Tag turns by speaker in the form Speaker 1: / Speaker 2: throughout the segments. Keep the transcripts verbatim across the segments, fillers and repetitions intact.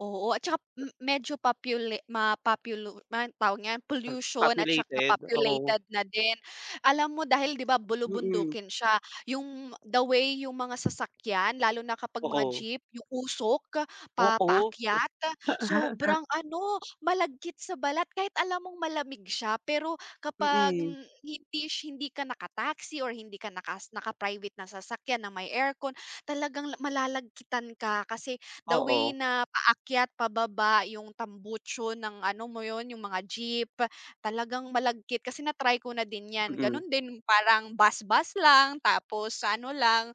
Speaker 1: Oo, at tsaka m medyo popula mapopulu ma tawag niyan,
Speaker 2: Hmm,
Speaker 1: pollution at tsaka
Speaker 2: populated. Oo.
Speaker 1: populated na din. Alam mo dahil ‘di ba
Speaker 2: Mm.
Speaker 1: bulubundukin siya, yung the way yung mga sasakyan lalo na kapag mga
Speaker 2: Oo.
Speaker 1: jeep, yung usok, pa
Speaker 2: Oo.
Speaker 1: paakyat, sobrang ano, malagkit sa balat kahit alam mong malamig siya pero kapag
Speaker 2: Mm.
Speaker 1: h hindi sh hindi ka naka taxi or hindi ka naka naka-private na sasakyan ng may aircon, talagang la malalagitan ka kasi the way
Speaker 2: Oo.
Speaker 1: na paakyat, pababa yung tambucho ng ano mo ‘yon, yung mga jeep, talagang malagkit kasi na-try ko na din ‘yan.
Speaker 2: Mm.
Speaker 1: Ganun din, parang bus, bus lang tapos sa ano lang,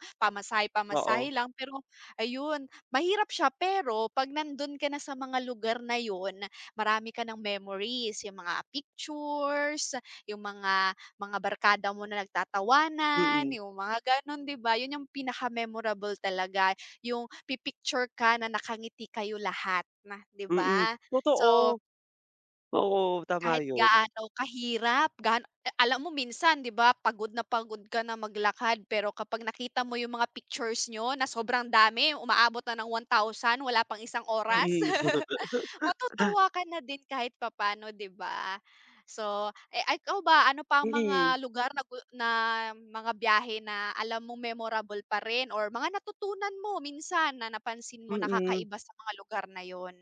Speaker 2: Oo.
Speaker 1: pamasahe-pamasahe lang, pero ayun, mahirap siya pero ‘pag nandun ka na sa mga lugar na yun, marami ka ng memories. Yung mga pictures, yung mga mga barkada mo na nagtatawanan,
Speaker 2: Mm.
Speaker 1: yung mga gano’n, ‘di ba? Yun yung pinaka-memorable talaga, yung pi-picture ka na nakangiti kayo lahat, ‘di
Speaker 2: Mm,
Speaker 1: ba. So
Speaker 2: totoo. Oo, tama
Speaker 1: kahit
Speaker 2: 'yon.
Speaker 1: gaano kahirap, gano alam mo minsan, ‘di ba, pagod na pagod ka na mag-lakad pero kapag nakita mo yung mga pictures niyo na sobrang dami, umaabot na ng one thousand wala pang isang oras,
Speaker 2: Mm.
Speaker 1: matutuwa ka na din kahit papaano, 'di ba. So, eh, ikaw ba ano pa ang
Speaker 2: Mhm.
Speaker 1: mga lugar na gu na mga biyahe na alam mong memorable pa rin or mga natutunan mo minsan na napansin mo na
Speaker 2: Mm.
Speaker 1: kakaiba sa mga lugar na yun?